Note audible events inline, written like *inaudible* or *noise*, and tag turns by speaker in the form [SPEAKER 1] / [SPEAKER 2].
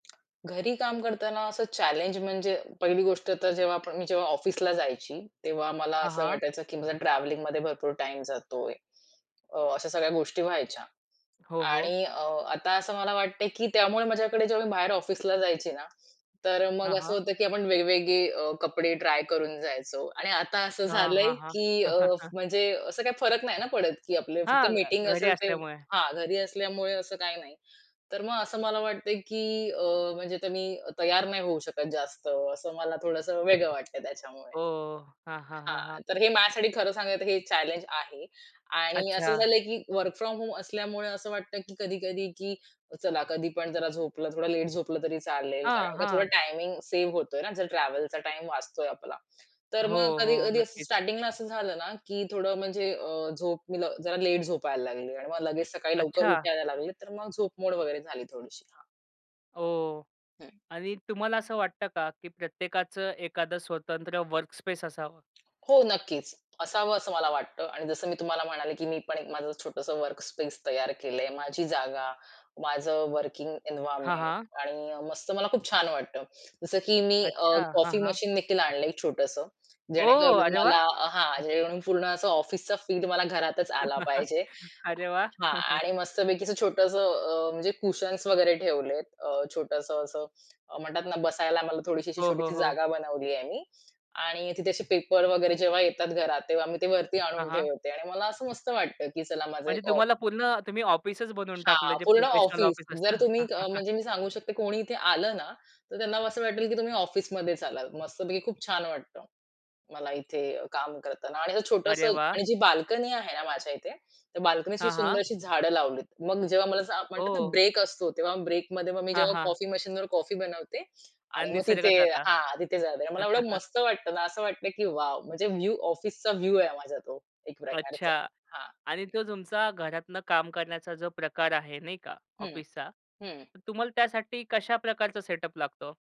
[SPEAKER 1] घरी काम करताना असं चॅलेंज म्हणजे पहिली गोष्ट तर जेव्हा आपण मी जेव्हा ऑफिसला जायची, तेव्हा मला
[SPEAKER 2] हां,
[SPEAKER 1] असं
[SPEAKER 2] हां.
[SPEAKER 1] वाटायचं, की माझा ट्रॅव्हलिंगमध्ये भरपूर टाईम जातोय. अ, अशा सगळ्या गोष्टी व्हायच्या
[SPEAKER 2] हो, हो.
[SPEAKER 1] आणि अ, आता असं मला वाटतंय की त्यामुळे माझ्याकडे जेव्हा मी बाहेर ऑफिसला जायची ना, तर मग
[SPEAKER 2] हां,
[SPEAKER 1] असं
[SPEAKER 2] हां.
[SPEAKER 1] होतं की आपण वेगवेगळे अ, कपडे ट्राय करून जायचो आणि आता असं
[SPEAKER 2] हां,
[SPEAKER 1] झालंय,
[SPEAKER 2] हां, हां.
[SPEAKER 1] की अ,
[SPEAKER 2] *chuckles*
[SPEAKER 1] म्हणजे असं काही फरक नाही ना पडत, की आपलं फक्त
[SPEAKER 2] हां, घ
[SPEAKER 1] मीटिंग
[SPEAKER 2] घरी
[SPEAKER 1] असेल ते
[SPEAKER 2] असल्यामुळे.
[SPEAKER 1] हां, घरी असल्यामुळे असं काही नाही. तर मग असं मला वाटतंय, की अ, म्हणजे तुम्ही तयार नाही होऊ शकत जास्त असं मला थोडंसं वेगळं वाटतंय त्याच्यामुळे.
[SPEAKER 2] हो, हो, हो. हां, हां, हां,
[SPEAKER 1] हां,
[SPEAKER 2] हां.
[SPEAKER 1] तर हे माझ्यासाठी खरं सांगायचं तर हे चॅलेंज आहे आणि असं
[SPEAKER 2] अच्छा.
[SPEAKER 1] झालंय की वर्क फ्रॉम होम असल्यामुळे असं वाटतं की कधी-कधी की चला, कधी पण जरा झोपलं, थोडं लेट झोपलं, तरी चालेल,
[SPEAKER 2] हां,
[SPEAKER 1] कारण का थोडा
[SPEAKER 2] हां.
[SPEAKER 1] टायमिंग सेव्ह होतोय ना. जर ट्रॅव्हलचा टाईम वाचतोय आपला. तर मग
[SPEAKER 2] हो, हो.
[SPEAKER 1] कधी-कधी असं
[SPEAKER 2] नक्कीच.
[SPEAKER 1] स्टार्टिंगला असं झालं ना, की थोडं म्हणजे अ, झोप मी लव जरा लेट झोपायला लागली आणि मग लगेच सकाळी लवकर
[SPEAKER 2] अच्छा!
[SPEAKER 1] उठायला लागली, तर मग झोप मोड वगैरे झाली थोडीशी, हां.
[SPEAKER 2] हो
[SPEAKER 1] हं.
[SPEAKER 2] आणि तुम्हाला असं वाटतं का, की प्रत्येकाचं एखादं स्वतंत्र वर्कस्पेस असावं?
[SPEAKER 1] हो, नक्कीच. असावं असं मला वाटतं. आणि जसं मी तुम्हाला म्हणाले, की मी पण एक माझं छोटसं वर्कस्पेस तयार केलंय. माझी जागा माझं वर्किंग
[SPEAKER 2] हां,
[SPEAKER 1] एन्व्हायर्नमेंट
[SPEAKER 2] हां.
[SPEAKER 1] आणि मस्त मला खूप छान वाटतं. जसं की मी अ,
[SPEAKER 2] अच्छा. हां,
[SPEAKER 1] कॉफी
[SPEAKER 2] हां.
[SPEAKER 1] मशीनदेखील आणलंय एक छोटसं.
[SPEAKER 2] ओह!
[SPEAKER 1] जेणेकरून
[SPEAKER 2] अरे वाह!
[SPEAKER 1] मला हां, जेणेकरून पूर्ण असं ऑफिसचं फील मला घरातच आला
[SPEAKER 2] *chuckles*
[SPEAKER 1] पाहिजे.
[SPEAKER 2] अरे वाह!
[SPEAKER 1] हां.
[SPEAKER 2] *chuckles*
[SPEAKER 1] आणि मस्तपैकीच छोटसं अ, म्हणजे कुशन्स वगैरे ठेवलेत. अ, छोटसं असं अ, म्हणतात ना, बसायला मला थोडीशी अशी
[SPEAKER 2] हो, हो,
[SPEAKER 1] छोटीशी
[SPEAKER 2] हो.
[SPEAKER 1] जागा बनवलीये मी आणि तिथे असे पेपर वगैरे जेव्हा येतात घरात, तेव्हा मी ते वरती
[SPEAKER 2] हां,
[SPEAKER 1] आणून
[SPEAKER 2] हां.
[SPEAKER 1] ठेवते आणि मला असं मस्त वाटतं की "चला माझं
[SPEAKER 2] म्हणजे
[SPEAKER 1] एक ऑफ"
[SPEAKER 2] तुम्हाला पूर्ण तुम्ही ऑफिसच बनवून टाकलं
[SPEAKER 1] हां,
[SPEAKER 2] जे
[SPEAKER 1] पूर्ण
[SPEAKER 2] प्रोफेशनल
[SPEAKER 1] ऑफिस.
[SPEAKER 2] ऑफिस
[SPEAKER 1] जर
[SPEAKER 2] असतं?
[SPEAKER 1] तुम्ही अ,
[SPEAKER 2] *chuckles*
[SPEAKER 1] म्हणजे मी सांगू शकते कोणी इथे आलं ना, तर त्यांना असं वाटेल की तुम्ही ऑफिसमध्येच आलात. मस्तपैकी खूप छान वाटतं. मला इथे काम करताना आणि असं छोटसं
[SPEAKER 2] अरे वाह!
[SPEAKER 1] आणि जी बाल्कनी आहे ना, माझ्या इथे, त्या बाल्कनीत
[SPEAKER 2] हां,
[SPEAKER 1] सुंदर
[SPEAKER 2] हां.
[SPEAKER 1] अशी झाडं लावलीत. मग जेव्हा मला असं म्हणतात ना
[SPEAKER 2] ओ!
[SPEAKER 1] ब्रेक असतो, तेव्हा ब्रेकमध्ये मग मी
[SPEAKER 2] हां,
[SPEAKER 1] जेव्हा
[SPEAKER 2] हां.
[SPEAKER 1] कॉफी मशीनवर कॉफी बनवते. आणि
[SPEAKER 2] अन्
[SPEAKER 1] मग
[SPEAKER 2] निसर्गात
[SPEAKER 1] तिथे
[SPEAKER 2] जाता?
[SPEAKER 1] हां, तिथे जाते. मला एवढं मस्त वाटतं ना, असं वाटतंय की "वॉव!" म्हणजे व्यू ऑफिसचा व्यू आहे माझा तो एक
[SPEAKER 2] अच्छा
[SPEAKER 1] प्रकारचा, हां.
[SPEAKER 2] आणि तो तुमचा घरातनं काम करण्याचा जो प्रकार आहे नाही का
[SPEAKER 1] हं,
[SPEAKER 2] ऑफिसचा,
[SPEAKER 1] हं.
[SPEAKER 2] तर तुम्हाला त्यासाठी कशा प्रकारचा सेटअप लागतो हो?